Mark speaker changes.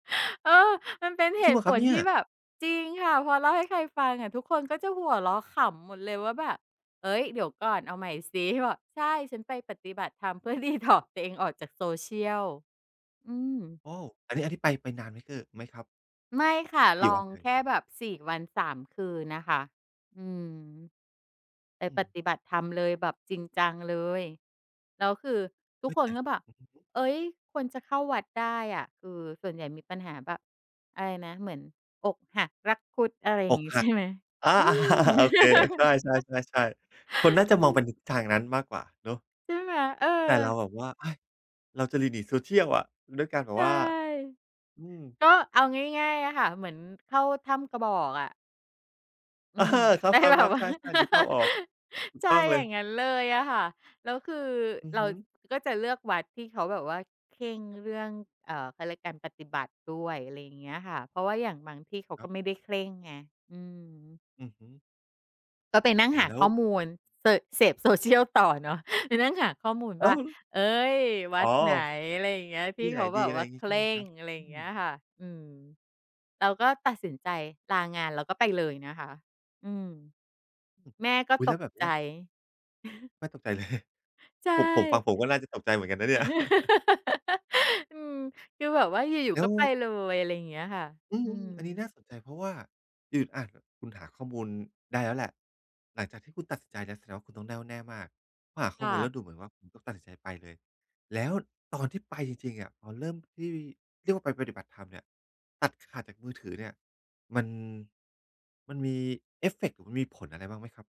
Speaker 1: เออ มันเป็นเ
Speaker 2: จ
Speaker 1: ห
Speaker 2: ริง
Speaker 1: ต
Speaker 2: เห
Speaker 1: ุ
Speaker 2: รอ
Speaker 1: ผ
Speaker 2: ครับ
Speaker 1: ล
Speaker 2: เนี่
Speaker 1: ท
Speaker 2: ย?
Speaker 1: ี่แบบ จริงค่ะ พอเล่าให้ใครฟังอะ ทุกคนก็จะหัวเราะขำหมดเลยว่าแบบ "เฮ่ย! เดี๋ยวก่อนเอาใหม่สิ" บอก "ใช่ ฉันไปปฏิบัติธรรมเพื่อ Detox ตัวเองออกจาก social" อืม
Speaker 2: โอ้ อันนี้ อันนี้ไป ไปนานไหม เอ่อ ไหมครับ?
Speaker 1: ไม่ค่ะ
Speaker 2: ก
Speaker 1: ล
Speaker 2: ี่ว
Speaker 1: อ
Speaker 2: ัน
Speaker 1: ง
Speaker 2: เอ่
Speaker 1: แค
Speaker 2: ย?
Speaker 1: ่แบบ 4 วัน 3 คืนน่ะค่ะ อืม ไป
Speaker 2: อื
Speaker 1: ป
Speaker 2: ม
Speaker 1: ฏิบัติธรรมเลย แบบจริงจังเลย แล้วคือทุ
Speaker 2: เอ
Speaker 1: ก
Speaker 2: ๊ย
Speaker 1: ค
Speaker 2: แต
Speaker 1: น
Speaker 2: ่
Speaker 1: ก็แบบ
Speaker 2: อือฮึ
Speaker 1: เฮ่ย คนจะเข้าวัดได้อะ คือส่วนใหญ่มีปัญหาแบบ อะไรนะ เหมือนอกหักรักคุด อะไรอย่
Speaker 2: อ
Speaker 1: าง
Speaker 2: ก
Speaker 1: งี้
Speaker 2: ห
Speaker 1: ใ
Speaker 2: ั
Speaker 1: ช
Speaker 2: ก
Speaker 1: ่ไหม?
Speaker 2: อา
Speaker 1: อืม
Speaker 2: โอเค ใช่ ๆ ๆ ๆ คนน่า
Speaker 1: อ
Speaker 2: จ
Speaker 1: ื
Speaker 2: ะมองไป
Speaker 1: ม
Speaker 2: ในทิศทางนั้นมากกว่าเนาะ
Speaker 1: ใช่ไหม? เออ
Speaker 2: แต่เราแบบว่า เอ๊ย! เราจะหลีกหนี social อะ ด้วยการแบ
Speaker 1: ใ
Speaker 2: บ
Speaker 1: ช่
Speaker 2: ว่า อืม
Speaker 1: ก็เอาง่าย ๆ อะค่ะ เหมือนเข้าถ้ำกระบอกอะ อื
Speaker 2: อา
Speaker 1: ม
Speaker 2: คร
Speaker 1: แต่แบบ
Speaker 2: ับ ๆ
Speaker 1: ว
Speaker 2: ๆ
Speaker 1: ่
Speaker 2: ใ
Speaker 1: า
Speaker 2: ช่ ๆ นึกภาพออก ถู
Speaker 1: ใ
Speaker 2: ก
Speaker 1: ช่
Speaker 2: ต้อง
Speaker 1: อ
Speaker 2: เล
Speaker 1: ย่
Speaker 2: ย
Speaker 1: างงั้นเลยอะค่ะ แล้วคือ
Speaker 2: อือ
Speaker 1: เรา
Speaker 2: ฮึ
Speaker 1: ก็จะเลือกวัดที่เขาแบบว่าเคร่งเรื่อง เอ่อ เขาเรียกการปฏิบัติด้วย อะไรอย่างเงี้ยค่ะ เพราะว่าอย่างบางที่เขา
Speaker 2: คร
Speaker 1: ก
Speaker 2: ั
Speaker 1: ็
Speaker 2: บ
Speaker 1: ไม่ได้เคร่งไง อืม
Speaker 2: อือฮึ
Speaker 1: ก็ไปนั่ง
Speaker 2: โอ้โ
Speaker 1: ห
Speaker 2: ฮ
Speaker 1: า
Speaker 2: แล้
Speaker 1: ข
Speaker 2: ว
Speaker 1: ้อมูล เตอะ เสพ social ต่อเนาะ ไปนั่งหาข้อมูล
Speaker 2: อ
Speaker 1: ว
Speaker 2: ้
Speaker 1: ่
Speaker 2: า
Speaker 1: า
Speaker 2: ว ล
Speaker 1: เฮ่ย ว
Speaker 2: อ๋
Speaker 1: ั
Speaker 2: อ
Speaker 1: ดไหน? อะไรอย่างเงี้ย ท
Speaker 2: ท
Speaker 1: ี
Speaker 2: ี
Speaker 1: ่
Speaker 2: ่ไห
Speaker 1: เ
Speaker 2: น
Speaker 1: ขา
Speaker 2: ด
Speaker 1: แ
Speaker 2: ี
Speaker 1: บ
Speaker 2: อ
Speaker 1: บ
Speaker 2: ะไร
Speaker 1: ว่
Speaker 2: อย
Speaker 1: า
Speaker 2: ่างงี
Speaker 1: เ
Speaker 2: ้
Speaker 1: ค
Speaker 2: ใช่
Speaker 1: ร
Speaker 2: ไหม
Speaker 1: ่
Speaker 2: คร
Speaker 1: ง
Speaker 2: ับ?
Speaker 1: อะไรอ
Speaker 2: อ
Speaker 1: ย
Speaker 2: ื
Speaker 1: ่างเงี้ย
Speaker 2: ม
Speaker 1: ค่ะ อืม เราก็ตัดสินใจลางาน แล้วก็ไปเลยนะคะ อืม แม่ก็
Speaker 2: อุ๊ย
Speaker 1: ต
Speaker 2: แล้ว
Speaker 1: ก
Speaker 2: แบบเ
Speaker 1: ใ
Speaker 2: นี
Speaker 1: จ
Speaker 2: ้ย แม่ตกใจเลย
Speaker 1: ใช่
Speaker 2: ผม ผมฟัง ผมก็น่าจะตกใจเหมือนกันนะเนี่ย
Speaker 1: อืม คือแบบว่าอยู่
Speaker 2: แล
Speaker 1: ๆ
Speaker 2: ้
Speaker 1: ก็
Speaker 2: ว
Speaker 1: ไปเลย อะไรอย่างเงี้ยค่ะ
Speaker 2: อื
Speaker 1: อื
Speaker 2: อ ๆ อันนี้
Speaker 1: ม
Speaker 2: น่าสนใจ เพราะว่า อือ อา คุณหาข้อมูลได้แล้วแหละ หลังจากที่คุณตัดสินใจแล้ว แสดงว่าคุณต้องแน่วแน่มาก เพราะหาข้
Speaker 1: ค
Speaker 2: อ
Speaker 1: ่
Speaker 2: มูลแล้
Speaker 1: ะ
Speaker 2: วดูเหมือนว่า คุณก็ตัดสินใจไปเลย แล้วตอนที่ไปจริง ๆ อะ พอเริ่มที่เรียกว่าไปปฏิบัติธรรมเนี่ย ตัดขาดจากมือถือเนี่ย มัน มันมีเอฟเฟกต์หรือมีผลอะไรบ้างไหมครับ?